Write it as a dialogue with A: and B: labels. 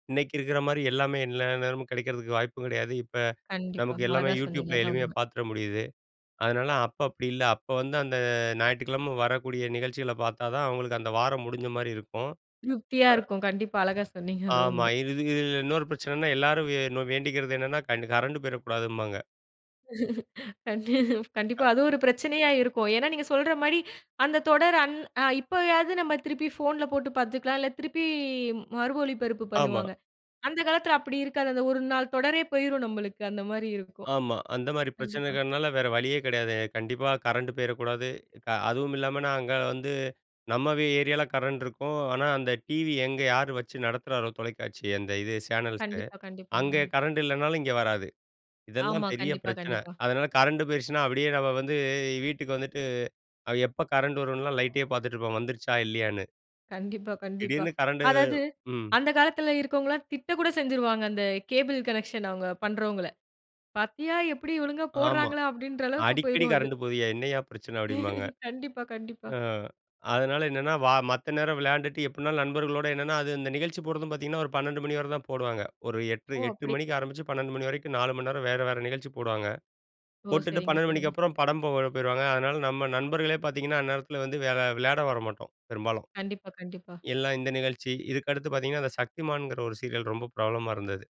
A: இன்னைக்கு இருக்கற மாரி எல்லாமே எல்லா நேரமும் கிடைக்கிறதுக்கு வாய்ப்பு கெடையாது. இப்ப,
B: கண்டிப்பா.
A: நமக்கு எல்லாமே
B: அழகா சொன்னிங்க.
A: YouTubeல
B: அதான்
A: எளிமையா
B: உண்ம.
A: பாத்துட முடியுது. அதனால அப்ப அப்படி இல்ல, அப்ப வந்து அந்த அ ஞாயிற்றுக்கிழம வரக்கூடிய நிகழ்ச்சிகள பாத்தா தான், அவங்களுக்கு அந்த வாரம் முடிஞ்ச மாரி இருக்கும்.
B: திருப்தியாருக்கும். கண்டிப்பா. அழகா சொன்னீங்க. அதான்
A: ஆமா.
B: உண்ம.
A: இது து இதில இன்னொரு பிரச்சனைன்னா, எல்லாரும் வே வேண்டிக்கிறது என்னன்னா கண்ட் கரண்ட் பேய்றக்கூடாதும்பாங்க.
B: கண் கண்டிப்பா.
A: ஹக்.
B: அதுவும் ஒரு பிரச்சனையா இருக்கும். ஏன்னா நீங்க சொல்ற மாரி அந்த தொடர் அன் அ இப்பயாவது நம்ம திருப்பி ஃபோன்ல போட்டு பாத்துக்கலாம். இல்ல, திருப்பி மறு ஒளிபரப்பு
A: ஆமா.
B: பண்ணுவாங்க. அந்த காலத்தில அப்படி இருக்காது. அந்த ஒரு நாள் தொடரே போயிரும் நம்மளுக்கு அந்த மாரி இருக்கும்.
A: ஆமா. அந்த மாரி
B: கண்டிப்பா.
A: பிரச்சனைகள்னால வேற வழியே கெடையாது. கண்டிப்பா கரண்ட் போயிறக்கூடாது. அதுவும் இல்லாம நாங்க வந்து நம்ம ஏரியாவில கரண்ட் இருக்கும். ஆனா அந்த டிவி எங்க யாரு வச்சு நடத்துறாரோ தொலைக்காட்சிய அந்த இது சேனல்ஸ்,
B: கண்டிப்பா, கண்டிப்பா.
A: அங்கே
B: ம்.
A: கரண்ட் இல்லனாலும் இங்க வராது. இதெல்லாம்
B: ஆமா.
A: பெரிய
B: கண்டிப்பா,
A: பிரச்சனை.
B: கண்டிப்பா.
A: அதனால கரண்ட் போயிருச்சுனா அப்படியே நம்ம வந்து வீட்டுக்கு வந்துட்டு, எப்ப கரண்ட் வரும்னுலாம் லைட்டே பார்த்துட்டு இருப்போம் வந்துருச்சா இல்லையான்னு.
B: கண்டிப்பா, கண்டிப்பா.
A: திடீர்ன்னு கரண்டு
B: அதாவது
A: ம்.
B: அந்த காலத்தில இருக்கவங்களாம் திட்ட கூட செஞ்சுருவாங்க. அந்த கேபிள் கனெக்ஷன் அவங்க பண்றவங்கள. "பாத்தியா எப்படி ஒழுங்கா
A: ஆமா.
B: போடுறாங்களா?" அப்படின்ற அளவுக்கு
A: "அடிக்கடி
B: போய்ருவாங்க.
A: கரண்ட்டு போகுதுயா, என்னய்யா பிரச்சன?" அப்படிம்பாங்க.
B: கண்டிப்பா, கண்டிப்பா.
A: ம். அதனால என்னன்னா வா மத்த நேரம் விளையாண்டுட்டு எப்படினாலும் நண்பர்களோடு என்னென்னா, அது இந்த நிகழ்ச்சி போடுறதும் பாத்திங்கன்னா ஒரு 12 மணி வர தான் போடுவாங்க. ஒரு எட்டு,
B: ஓ!
A: எட்டு
B: அப்படி.
A: மணிக்கு ஆரம்பிச்சு 12 மணி வரைக்கும் 4 மணி நேரம் வேற வேற நிகழ்ச்சி போடுவாங்க.
B: ஓ!
A: போட்டுட்டு
B: சரிங்க,
A: 12 மணிக்கு
B: சரிங்க.
A: அப்புறம் படம் போட போயிருவாங்க. அதனால நம்ம நண்பர்களே பாத்திங்கன்னா அந்த நேரத்தில வந்து வேற விளயாட வரமாட்டோம் பெரும்பாலும்.
B: கண்டிப்பா, கண்டிப்பா.
A: எல்லாம் இந்த நிகழ்ச்சி, இதுக்கு அடுத்து பாத்தீங்கன்னா அந்த சக்திமான்ங்கிற ஒரு சீரியல் ரொம்ப பிரபலமா இருந்தது.